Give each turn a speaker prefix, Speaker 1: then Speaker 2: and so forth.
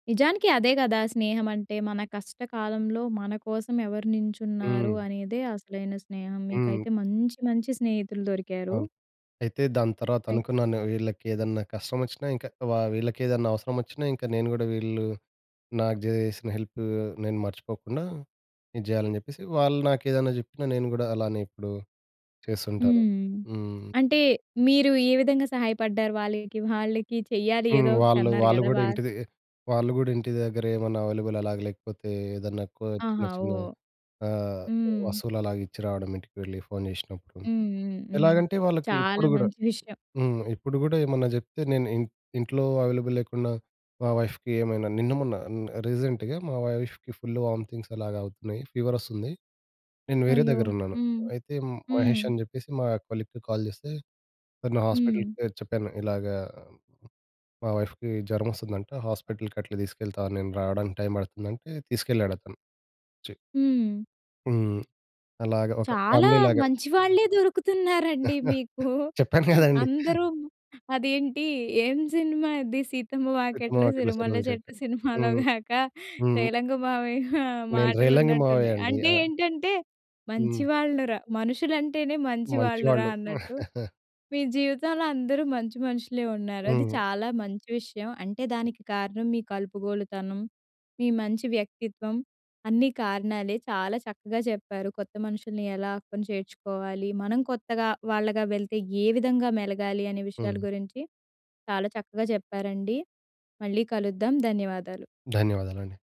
Speaker 1: నిజానికి అదే గదా! స్నేహమంటే. మన కష్టకాలంలో మన కోసం ఎవరు నించున్నారు
Speaker 2: హ్మ్.
Speaker 1: అనేదే అసలైన స్నేహం.
Speaker 2: హ్మ్.
Speaker 1: మీకైతే మంచి మంచి స్నేహితులు దొరికారు.
Speaker 2: అవును. అయితే, దాని తర్వాత
Speaker 1: అయ్
Speaker 2: అనుకున్నాను, వీళ్ళకేదన్నా కష్టమొచ్చినా, ఇంక వా వీళ్ళకేదన్నా అవసరమొచ్చినా, ఇంక నేను గూడా వీళ్ళూ నాకు జేసిన హెల్పూ నేను మర్చిపోకుండా ఇది జెయ్యాలని జెప్పేసి, వాళ్ళు నాకేదన్నా చెప్పినా నేను గూడా అలానే ఇప్పుడు చేస్తుంటాను.
Speaker 1: హ్మ్.
Speaker 2: హ్మ్.
Speaker 1: అంటే, మీరు ఏ విధంగా సహాయపడ్డారు వాళ్ళకి? వాళ్ళకి చెయ్యాలి
Speaker 2: హ్మ్.
Speaker 1: ఏదో
Speaker 2: వాళ్ళూ,
Speaker 1: ఒకటన్నారు
Speaker 2: వాళ్ళు
Speaker 1: గదా!
Speaker 2: గూడా
Speaker 1: వా
Speaker 2: ఇంటి దె వాళ్ళు గూడా ఇంటి దగ్గరేమన్నా అవైలబుల్ అలాగ లేకపోతే, ఏదన్నా కో చిన్న
Speaker 1: ఆహా!
Speaker 2: చిన్న
Speaker 1: ఓహ్!
Speaker 2: ఆహ్,
Speaker 1: హ్మ్.
Speaker 2: వస్తువులలాగా ఇచ్చి రావడం ఇంటికి వెళ్ళి ఫోన్ చేసినప్పుడు.
Speaker 1: హ్మ్. హ్మ్. హ్మ్.
Speaker 2: ఎలాగంటే, వాళ్ళకి
Speaker 1: చాలా
Speaker 2: ఇప్పుడు గూడా
Speaker 1: మంచి విషయం.
Speaker 2: హ్మ్. ఇప్పుడు గూడేమన్నా జెప్తే నేను ఇన్ ఇంట్లో అవైలబుల్ లేకున్నా, మా వైఫ్‌కి ఏమైనా. నిన్న, మొన్న అన్ రీసెంట్‌గా మా వైఫ్‌కి ఫుల్లు వామితింగ్స్ అలాగా అవుతున్నాయి, ఫీవరొస్తుంది. నేను వేరే
Speaker 1: అయ్యో!
Speaker 2: దగ్గరున్నాను.
Speaker 1: హ్మ్.
Speaker 2: అయితే
Speaker 1: హ్మ్.
Speaker 2: మహేషని జెప్పేసి మా కొలీగ్‌కి కాల్ జేస్తే, తను హాస్పిటల్‌
Speaker 1: హ్మ్.
Speaker 2: పేరు చెప్పాను, ఇలాగా మా వైఫ్‌కి జ్వరమొస్తందంట, హాస్పిటల్‌కట్లా తీసుకెళ్తావా నేను రావడానికి టైం పడతందంటే తీసుకెళ్ళాడతను. వచ్చి.
Speaker 1: హ్మ్.
Speaker 2: హ్మ్. అలాగా ఒక
Speaker 1: చాలా
Speaker 2: ఫ్యామిలీలాగా.
Speaker 1: మంచి వాళ్ళే దొరుకుతున్నారండి మీకు.
Speaker 2: చెప్పాను కదండి!
Speaker 1: అందరు అదేంటి, ఏం సినిమా అది 'సీతమ్మ
Speaker 2: 'సీతమ్మ
Speaker 1: వాకిట్లో
Speaker 2: వాకిట్లో
Speaker 1: సిరిమల్లె
Speaker 2: సిరిమల్లె
Speaker 1: చెట్టు'
Speaker 2: చెట్టు'.
Speaker 1: సినిమాలో
Speaker 2: హ్మ్.
Speaker 1: గాక
Speaker 2: హ్మ్.
Speaker 1: రేలంగి మావయ్య
Speaker 2: నేను రేలంగి
Speaker 1: మాటలున్నట్టున్నాయి.
Speaker 2: మావయ్యండి.
Speaker 1: అంటే
Speaker 2: ఆ!
Speaker 1: ఏంటంటే,
Speaker 2: హ్మ్.
Speaker 1: మంచి వాళ్ళు రా మనుషులంటేనే మంచి వాళ్ళు రా
Speaker 2: మంచివాళ్ళు.
Speaker 1: అన్నట్టు, మీ జీవితంలో అందరూ మంచి మనుషులే ఉన్నారు. అది
Speaker 2: హ్మ్.
Speaker 1: చాలా మంచి విషయం. అంటే, దానికి కారణం మీ కలుపుగోలుతనం, మీ మంచి వ్యక్తిత్వం, అన్నీ కారణాలే. చాలా చక్కగా చెప్పారు. కొత్త మనుషుల్ని ఎలా అక్కున చేర్చుకోవాలి, మనం కొత్తగా వాళ్ళగా వెళ్తే ఏ విధంగా మెలగాలి, అనే విషయాల
Speaker 2: హ్మ్.
Speaker 1: గురించి చాలా చక్కగా చెప్పారండి. మళ్ళీ కలుద్దాం. ధన్యవాదాలు.
Speaker 2: ధన్యవాదాలండి.